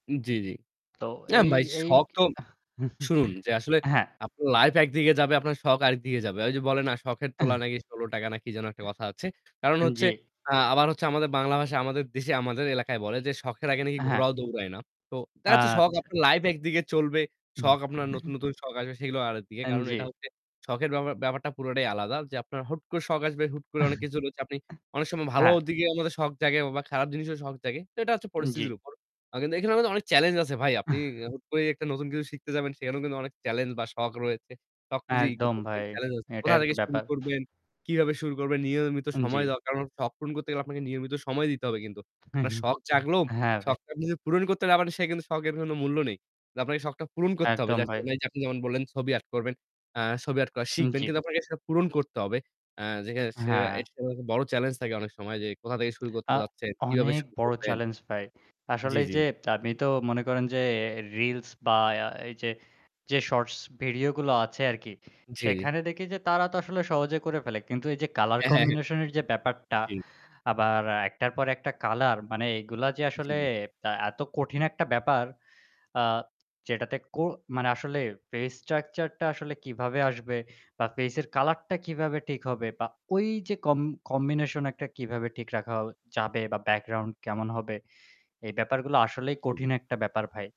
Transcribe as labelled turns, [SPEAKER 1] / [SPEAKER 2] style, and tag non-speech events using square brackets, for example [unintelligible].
[SPEAKER 1] জ্বি, জ্বি।
[SPEAKER 2] তো
[SPEAKER 1] না
[SPEAKER 2] এই
[SPEAKER 1] ভাই
[SPEAKER 2] এই
[SPEAKER 1] শখ তো
[SPEAKER 2] [laughs]
[SPEAKER 1] শুনুন যে আসলে
[SPEAKER 2] হ্যাঁ।
[SPEAKER 1] আ আপু লাইফ একদিকে যাবে, আপনার শখ আরেকদিকে যাবে। ওই যে বলে না, শখের তোলা
[SPEAKER 2] [clears throat]
[SPEAKER 1] নাকি ৳16 না কি যেন একটা কথা আছে। কারণ
[SPEAKER 2] আন
[SPEAKER 1] হচ্ছে,
[SPEAKER 2] জি।
[SPEAKER 1] আ আবার হচ্ছে আমাদের বাংলা ভাষায়, আমাদের দেশে; আমাদের এলাকায় বলে যে, "শখের আগে নাকি
[SPEAKER 2] হ্যাঁ।
[SPEAKER 1] ঘোড়াও দৌড়ায় না।" তো দেখা যাচ্ছে শখ
[SPEAKER 2] আচ্ছা।
[SPEAKER 1] আপনার লাইফ একদিকে চলবে, শখ আপনার নতুন,
[SPEAKER 2] [chuckles]
[SPEAKER 1] নতুন শখ আসবে সেগুলো আরেকদিকে।
[SPEAKER 2] এন
[SPEAKER 1] কারণ এটা
[SPEAKER 2] যে।
[SPEAKER 1] হচ্ছে শখের ব্যাপার ব্যাপারটা পুরোটাই আলাদা। যে আপনার হুট করে শখ আসবে, হুট করে অনেক কিছু রয়েছে, আপনি অনেক
[SPEAKER 2] [chuckles]
[SPEAKER 1] সময় ভালো
[SPEAKER 2] হ্যাঁ।
[SPEAKER 1] দিকে আমাদের শখ জাগে বা খারাপ জিনিসেরও শখ জাগে। তো এটা হচ্ছে
[SPEAKER 2] উন জ্বি।
[SPEAKER 1] পরিস্থিতির উপর। কিন্তু, এখানে আমাদের অনেক চ্যালেঞ্জ আছে ভাই! আপনি
[SPEAKER 2] আহ!
[SPEAKER 1] হুট করে একটা নতুন কিছু শিখতে যাবেন, সেখানেও কিন্তু অনেক চ্যালেঞ্জ বা শখ রয়েছে। সবকিছুই
[SPEAKER 2] একদম
[SPEAKER 1] [unintelligible]
[SPEAKER 2] ভাই।
[SPEAKER 1] চ্যালেঞ্জ আছে।
[SPEAKER 2] এটাই
[SPEAKER 1] কোথা
[SPEAKER 2] আর
[SPEAKER 1] থেকে
[SPEAKER 2] কি
[SPEAKER 1] শুরু
[SPEAKER 2] ব্যাপার।
[SPEAKER 1] করবেন, কিভাবে শুরু করবেন, নিয়মিত
[SPEAKER 2] হুম, জ্বী।
[SPEAKER 1] সময় দরকার। কারণ শখ পূরণ করতে গেলে আপনাকে নিয়মিত সময় দিতে হবে কিন্তু।
[SPEAKER 2] হু,
[SPEAKER 1] আপনার
[SPEAKER 2] হু।
[SPEAKER 1] শখ জাগলো,
[SPEAKER 2] হ্যাঁ, ভাই।
[SPEAKER 1] শখটা জাগলেও কিন্তু পূরণ করতে না পারলে সে কিন্তু শখের কোন মূল্য নেই। তো আপনাকে শখটা পূরণ করতে হবে।
[SPEAKER 2] একদম
[SPEAKER 1] যে
[SPEAKER 2] ভাই।
[SPEAKER 1] আসলেই আপনি যেমন বললেন ছবি আর্ট করবেন, ছবি আর্ট করা
[SPEAKER 2] উ
[SPEAKER 1] শিখবেন।
[SPEAKER 2] জ্বী।
[SPEAKER 1] কিন্তু আপনাকে সেটা পূরণ করতে হবে। আ যে
[SPEAKER 2] হ্যাঁ।
[SPEAKER 1] [unintelligible] বড় চ্যালেঞ্জ থাকে অনেক সময় যে, কোথা থেকে শুরু করতে
[SPEAKER 2] আ
[SPEAKER 1] যাচ্ছেন, কিভাবে
[SPEAKER 2] অনেক
[SPEAKER 1] শুরু
[SPEAKER 2] বড়
[SPEAKER 1] করবেন।
[SPEAKER 2] চ্যালেঞ্জ পাই। আসলে
[SPEAKER 1] জ্বি,
[SPEAKER 2] এই
[SPEAKER 1] জ্বি।
[SPEAKER 2] যে আপনি তো মনে করেন যে রিলস বা এই যে, যে শর্টস ভিডিও গুলো আছে আর কি।
[SPEAKER 1] জি, জি।
[SPEAKER 2] সেখানে দেখি যে, তারা তো আসলে সহজে করে ফেলে। কিন্তু, এই যে কালার
[SPEAKER 1] অ্যাঁ হ্যাঁ, হ্যাঁ।
[SPEAKER 2] কম্বিনেশন এর যে ব্যাপারটা,
[SPEAKER 1] জ্বী।
[SPEAKER 2] আবার একটার পর একটা কালার; মানে, এগুলা যে
[SPEAKER 1] জ্বী,
[SPEAKER 2] আসলে
[SPEAKER 1] জ্বী।
[SPEAKER 2] তা এত কঠিন একটা ব্যাপার। আ যেটাতে কো মানে আসলে ফেস স্ট্রাকচার টা আসলে কিভাবে আসবে বা ফেসের কালার টা কিভাবে ঠিক হবে বা ওই যে কম কম্বিনেশন একটা কীভাবে ঠিক রাখা যাবে বা ব্যাকগ্রাউন্ড কেমন হবে? এই ব্যাপারগুলো আসলেই
[SPEAKER 1] জ্বী, জ্বী।
[SPEAKER 2] কঠিন একটা ব্যাপার ভাই।